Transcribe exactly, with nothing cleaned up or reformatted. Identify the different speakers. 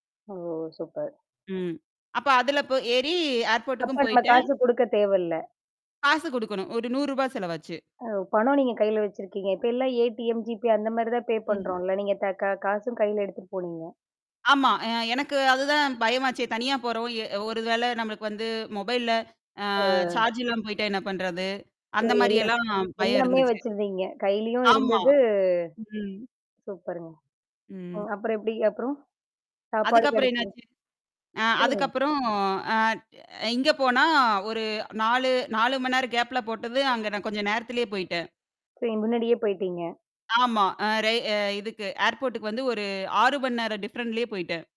Speaker 1: ஓ! Super.
Speaker 2: ம். அப்ப அதில போய் ஏறி ஏர்போர்டுக்கும்
Speaker 1: அப்ப நம்ம
Speaker 2: போயிட்டேன்.
Speaker 1: காசு கொடுக்கத் தேவல்ல.
Speaker 2: காசு கொடுக்கணும். ஒரு நூரூவா செலவு ஆச்சு.
Speaker 1: அ, பணம் நீங்க கையில வச்சுருக்கீங்க! இப்ப எல்லாம் ஏடிஎம், ஜீபே அந்தமாரி தான் பே
Speaker 2: ம்.
Speaker 1: பண்ணுறோன்ல. நீங்க க காசும் கையில எடுத்துகிட்டு போனீங்க.
Speaker 2: ஆமா. அ எனக்கு அதுதான் பயமாச்சே தனியா போறோம், எ ஒரு வேளை நம்மளுக்கு வந்து மொபைல்ல, அ
Speaker 1: ஆ.
Speaker 2: சார்ஜ் இல்லாம போய்ட்டா என்ன பண்றது? அந்த
Speaker 1: சரி எல்லாம்
Speaker 2: மாரியெல்லாம் பயம்
Speaker 1: எல்லாமே
Speaker 2: இருந்துச்சு.
Speaker 1: வச்சிருந்தீங்க கையிலேயும்
Speaker 2: ஆமா.
Speaker 1: இருந்தது.
Speaker 2: ம்.
Speaker 1: சூப்பருங்க. ம்.
Speaker 2: ம்.
Speaker 1: அப்புறம் எப்பிடி அப்புறம், சாப்பாடு
Speaker 2: அதுக்கப்புறம்
Speaker 1: கிடைச்சதா?
Speaker 2: என்னாச்சு ஆ,
Speaker 1: சொல்லுங்க.
Speaker 2: அதுக்கப்புறம். ஆ, இ இங்க
Speaker 1: [unintelligible]
Speaker 2: போனா ஒரு நாலு நாலு மணி நேரம் கேப்ல போட்டது, அங்க நான் கொஞ்சம் நேரத்திலேயே போயிட்டேன்.
Speaker 1: சரி, முன்னாடியே போயிட்டீங்க.
Speaker 2: ஆமா. அ ரேய் அ இதுக்கு ஏர்போர்டுக்கு வந்து ஒரு ஆறு மணி நேரம் டிஃப்ரென்ட்லயே போயிட்டேன்.